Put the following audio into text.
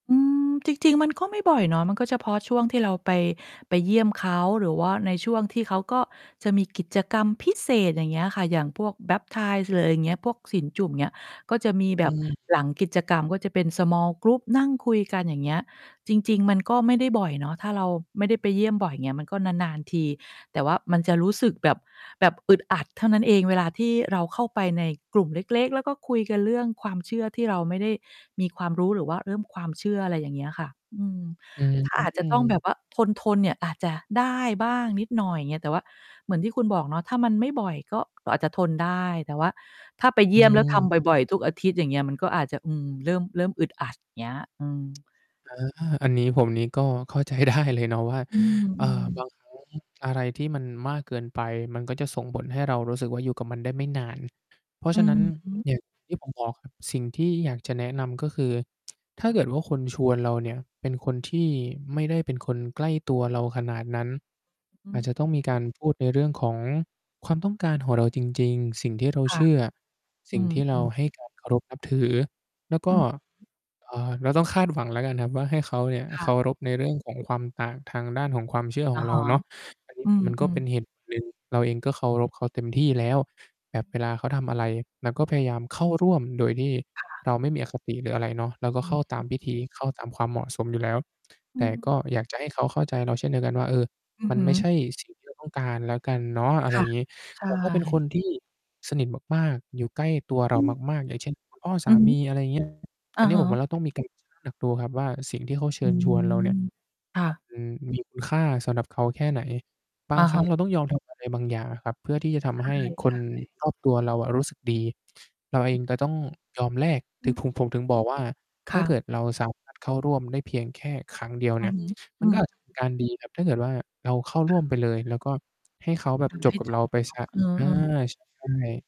อืม จริง ๆ มันก็ไม่บ่อยเนาะ มันก็จะเฉพาะช่วงที่เราไป ไปเยี่ยมเขา หรือว่าในช่วงที่เขาก็จะมีกิจกรรมพิเศษ อย่างเงี้ยค่ะ อย่างพวก Baptism หรืออะไรอย่างเงี้ย พวกศีลจุ่ม อย่างเงี้ย ก็จะมีแบอบืม หลังกิจกรรม ก็จะเป็น Small group นั่งคุยกัน อย่างเงี้ย จริง ๆ มันก็ไม่ได้บ่อยเนาะ ถ้าเราไม่ได้ไปเยี่ยมบ่อย อย่างเงี้ย มันก็นาน ๆ ที แต่ว่ามันจะรู้สึกแบบ แบบอึดอัดเท่านั้นเอง เวลาที่เราเข้าไปในกลุ่มเล็ก ๆ แล้วก็คุยกันเรื่องความเชื่อที่เราไม่ได้มีความรู้ หรือว่าเริ่มความเชื่อ อะไรอย่างเงี้ยค่ะ อืม อือฮึ ถ้าอาจจอะืต้องแบบม ว่า ทน ๆ เนี่ย อาจจะได้บ้างนิดหน่อย อย่างเงี้ย แต่ว่าเหมือนที่คุณบอกเนาะ ถ้ามันไม่บ่อย ก็อาจจะทนได้ แต่ว่าถ้าไปเยอืี่ยม แล้ว ทำม บ่อย ๆ ทุกอาทิตย์ อย่างเงี้ย มันก็อาจจะ อืม เริ่ม เริ่มอึดอัด อย่างเงี้ย อืม อา อันนี้ผมนี้ก็เข้าใจ ได้ เลยเนาะว่า อือ เออ่ือ บอ างครั้ง อะไรที่มันมากเกินไป มันก็จะส่งผลให้เรารู้สึกว่า อยู่กับมันได้ไม่นาน เพราะอฉืะนัอ้นฮึ อย่างที่ผมบอกครับ สิ่งที่อยากจะแนะนำ ก็คือ ถ้าเกิดว่าคนชวนเราเนี่ยเป็นคนที่ไม่ได้เป็นคนใกล้ตัวเราขนาดนั้น อือาจจอ ะต้องมีการพูดในเรื่องของความต้องการของเราจริง ๆ สิ่งที่เราคเ่ชะ ื่อ สอิ่ืงที่เราม ๆ ให้ การ เคารพนับถือ แล้วกอ็ ืม เอ่อ เราต้องคาดหวังแล้วกันครับว่า ให้เขาเนี่ยคเ่คะ ารพในเรื่องของความต่างทางด้านของความเชื่อขอะองเฮราะ เนาะ อันนีอ้ืมัน ก็เม ป็น ๆ เหตุผล หนึ่ง เราเองก็เคารพเขาเต็มที่แล้ว แบบเวลาเขาทำอะไร เราก็พยายามเข้าร่วมโดยที่ค่ะ เราไม่มีอคติ หรืออะไรเนาะ เราก็อือเข้ฮาตามพิึ ธี เข้าตามความเหมาะสมอยู่แล้ว อืแต่กม ็อยากจะให้เขาเข้าใจเราเช่นเดียวกันว่า เออ อือมันฮึ ไม่ใช่ สิ่งที่เรา ต้องการแล้วกันเนาะ อะคไร่อยะ ่างงี้ ใชแต่ถ้าเป็นค่ นที่สนิทมาก ๆ อยู่ใกล้ตัวเรอาือ มาก ๆ อย่างเช่น คุณ พ่อสอืาอฮึ มี อะไรอย่าง เงี้ย ออะันนี้ฮผมวะ ่า เราต้องมีการ ชั่งน้ำหนักดู ครับว่าสิ่งที่เขาเชอิืญชวนเราเนี่ย อ ค่มันะ มีคุณค่า สำหรับเขาแค่ไหน บาองะครฮั้ะ งเราต้องยอม ทำอะไร บางอย่างอะครับ เพื่อที่จะทใำให้คชน่ ๆ รอบตัวเราอะรู้สึกดี เราเองจะต้องยอมแลก อถืึงม ผม ผมถึงบอกว่า คถ้า่เะ กิดเราสามารถเข้าร่วมได้เพียงแค่ครั้งเดียวอืเนีอ่ย ฮึ มอัืนก็ม อาจจะเป็นการดีครับ ถ้าเกิดว่าเราเข้าคร่่วะ มไปเลย แล้วก็ ให้เขาแบบทจำใหบ้กับจเราบ ไปเนเสีาะ ย อเา ออ ๆ ใช่